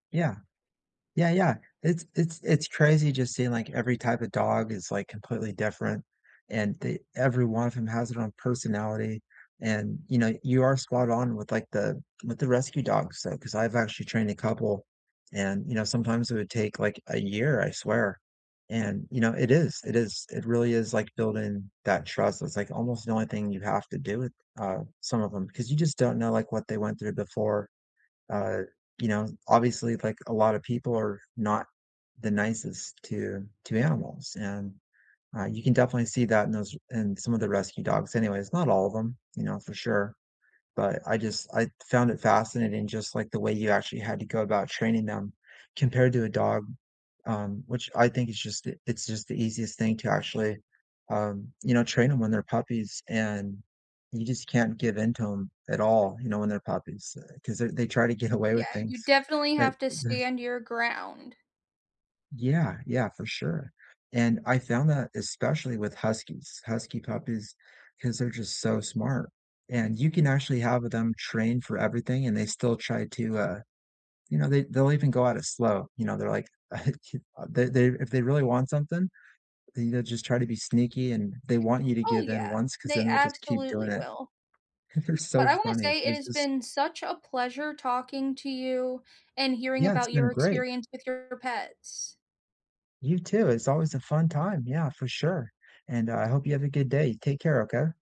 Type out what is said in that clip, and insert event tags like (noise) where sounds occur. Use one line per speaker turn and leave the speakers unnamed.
Yeah. Yeah, yeah. It's it's it's crazy just seeing, like, every type of dog is, like, completely different and the every one of 'em has it own personality. And, you know, you are spot on with, like, the with the rescue dogs, so 'cause I've actually trained a couple and, you know, sometimes it would take, like, a year, I swear. And, you know, it is it is, it really is, like, building that trust, it's like almost the only thing you have to do with, uh, some of 'em, 'cause you just don't know, like, what they went through before, uh, you know? Obviously, like a lotta people are not the nicest to to animals, and, ah, you can definitely see that in those in some of the rescue dogs anyways, not all of 'em, you know, for sure. But I just I found it fascinating just like the way you actually had to go about training them compared to a dog, um, which I think it's just the it's just the easiest thing to actually, um, you know, train 'em when they're puppies and you just can't give into 'em at all, you know, when they're puppies, uh, 'cause they're they try to get away with
Yeah,
things,
you definitely
but
have to
the
stand your ground.
Yeah, yeah, for sure. And I found that especially with huskies, husky puppies, 'cause they're just so smart, and you can actually have them trained for everything and they still try to, uh you know, they they'll even go at it slow, you know, they're like (chuckles) (unintelligible) they they're if they really want something, and they'd just try to be sneaky and they want you to
Oh,
give in
yeah,
once 'cause
they
then they'll just keep
absolutely
doing it.
will.
They're
But,
so
I wanna
funny.
say, it
It's
has
just
been such a pleasure talking to you and hearing
Yeah. It's
about your
been great.
experience with your pets.
You too. It's always a fun time. Yeah, for sure. And I hope you have a good day. Take care, okay?